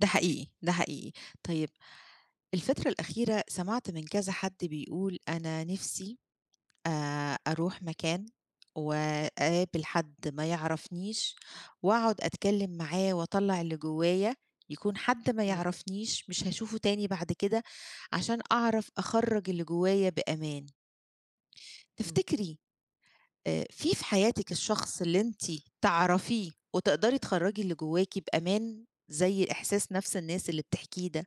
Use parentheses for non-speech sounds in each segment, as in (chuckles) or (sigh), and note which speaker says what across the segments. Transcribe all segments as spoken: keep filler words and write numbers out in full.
Speaker 1: ده حقيقي، ده حقيقي. طيب، الفترة الأخيرة سمعت من كذا حد بيقول: "أنا نفسي أ أروح مكان وأقابل حد ما يعرفنيش وأقعد أتكلّم معاه وأطلّع اللي جوّايا، يكون حد ما
Speaker 2: إمم.
Speaker 1: يعرفنيش، مش هاشوفه تاني بعد كده، عشان أعرف أخَرّج اللي جوّايا بأمان."
Speaker 2: إمم.
Speaker 1: تفتكري، آآ في في حياتِك الشخص اللي أنتِ تعرفيه وتقدري تخرّجي اللي جوّاكِ بأمان، زي إحساس نفس الناس اللي بتحكيه ده؟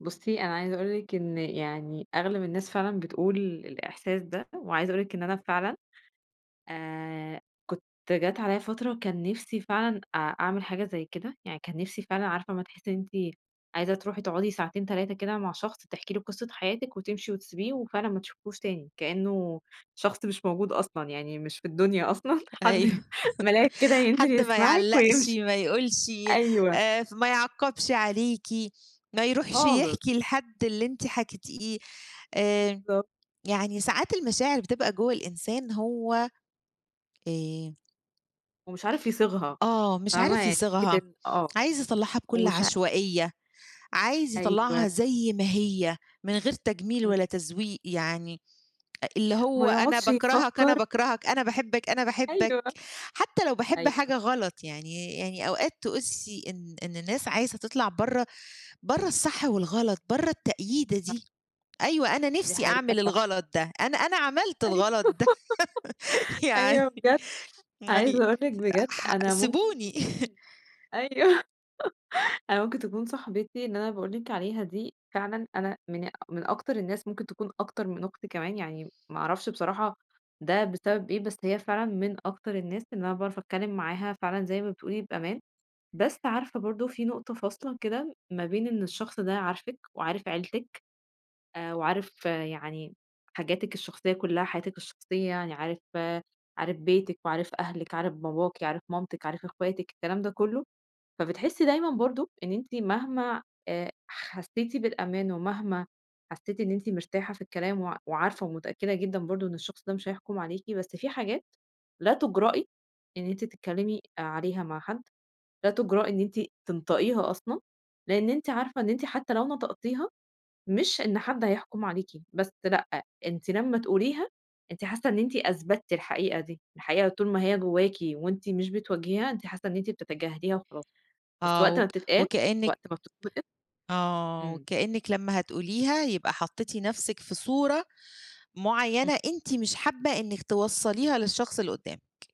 Speaker 2: بُصّي، أنا عايزة أقول لِك إن يعني أغلب الناس فعلًا بتقول الإحساس ده، وعايزة أقول لِك إن أنا فعلًا، آآ كنت جات عليّا فترة كان نفسي فعلًا أ أعمل حاجة زي كده، يعني كان نفسي فعلًا عارفة أمَّا تحسّي إن أنتِ عايزة تروحي تقعدي ساعتين، تلاتة كده مع شخص تحكي له قصة حياتِك وتمشي وتسبيه وفعلًا ما تشوفيهوش تاني، كإنّه شخص مش موجود أصلًا، يعني مش في الدنيا أصلًا، (chuckles)
Speaker 1: أيوه.
Speaker 2: حد مَلاك كده
Speaker 1: (chuckles)
Speaker 2: ينزل
Speaker 1: حد ما
Speaker 2: يسمعِك
Speaker 1: يعلّقش،
Speaker 2: ويمشي.
Speaker 1: ما يقولش،
Speaker 2: أيوه.
Speaker 1: آآ، ف ما يعَقّبش عليكِ، ما يروحش
Speaker 2: خالص.
Speaker 1: يحكي لحد اللي أنت حكيتيه. آآ،
Speaker 2: بالضبط.
Speaker 1: يعني ساعات المشاعر بتبقى جوّه الإنسان هو آآ
Speaker 2: ومش عارف يصيغها.
Speaker 1: آه، مش
Speaker 2: فاهمة؟
Speaker 1: عارف
Speaker 2: يعني فكرة
Speaker 1: يصيغها،
Speaker 2: إن آه،
Speaker 1: عايز يطلّعها بكل
Speaker 2: ومش ع
Speaker 1: عشوائية، عايز
Speaker 2: أيوه.
Speaker 1: يطلّعها زي ما هي من غير تجميل ولا
Speaker 2: إمم.
Speaker 1: تزويق. يعني أ اللي هو
Speaker 2: ما
Speaker 1: أنا
Speaker 2: يقعدش
Speaker 1: باكرهك، أنا
Speaker 2: يفكّر
Speaker 1: باكرهك، أنا باحبك، أنا باحبك
Speaker 2: أيوه.
Speaker 1: حتّى لو باحب
Speaker 2: أيوه.
Speaker 1: حاجة غلط، يعني يعني أوقات تقسّي إن إن الناس عايزة تطلع برّه برّه الصح والغلط، برّه التقييدة
Speaker 2: أ
Speaker 1: دي، أيوه أنا
Speaker 2: دي
Speaker 1: نفسي
Speaker 2: حقيقة
Speaker 1: أعمل
Speaker 2: فعلًا.
Speaker 1: الغلط ده، أنا أنا عملت
Speaker 2: أيوه.
Speaker 1: الغلط ده،
Speaker 2: (laughs)
Speaker 1: (laughs) يعني
Speaker 2: أيوة بجد،
Speaker 1: يعني
Speaker 2: عايزة أقول لِك بجد
Speaker 1: ح
Speaker 2: أنا ممكن
Speaker 1: سبيوني. (chuckles)
Speaker 2: تكون أيوه. (laughs) أنا ممكن تكون صاحبتي إن أنا باقول لك عليها دي فعلًا أنا من من أكتر الناس ممكن تكون أكتر من أختي كمان، يعني ما أعرفش بصراحة ده بسبب إيه؟ بس هي فعلًا من أكتر الناس اللي أنا باعرف أتكلّم معاها فعلًا زي ما بتقولي بأمان، بس عارفة برضه في نقطة فاصلة، كده ما بين إن الشخص ده عارفِك وعارف عيلتِك آآ وعارف يعني حاجاتِك الشخصية كُلها، حياتِك الشخصية، يعني عارف عارف بيتِك وعارف أهلِك، عارف باباكِ، عارف مامتِك، عارف إخواتِك، الكلام ده كُلّه، فبتحسّي دايمًا برضه إن أنتِ مهما آآ حسّيتِ بالأمان ومهما حسّيتِ إن أنتِ مرتاحة في الكلام وع وعارفة ومتأكّدة جدًا برضه إن الشخص ده مش هيحٌكم عليكِ، بس في حاجات لا تُجرأي إن أنتِ تتكلّمي عليها مع حد، لا تُجرأي إن أنتِ تنطقيها أصلًا، لإن أنتِ عارفة إن أنتِ حتّى لو نطقتيها، مش إن حد هيحُكم عليكِ، بس لأ، أنتِ لمّا تقوليها، أنتِ حاسّة إن أنتِ أثبتِّ الحقيقة دي، الحقيقة طول ما هي جوّاكِ وأنتِ مش بتواجهيها، أنتِ حاسّة إن أنتِ بتتجاهليها وخلاص، بس
Speaker 1: آه.
Speaker 2: وقت ما
Speaker 1: وك
Speaker 2: بتتقال،
Speaker 1: وكإنّك
Speaker 2: وقت ما بتتنقِط
Speaker 1: آه،
Speaker 2: إمم.
Speaker 1: وكإنّك لمّا هتقوليها يبقى حطّيتِ نفسِك في صورة
Speaker 2: إمم.
Speaker 1: معيّنة أنتِ مش حابّة إنِّك توصّليها للشخص اللي قُدّامِك.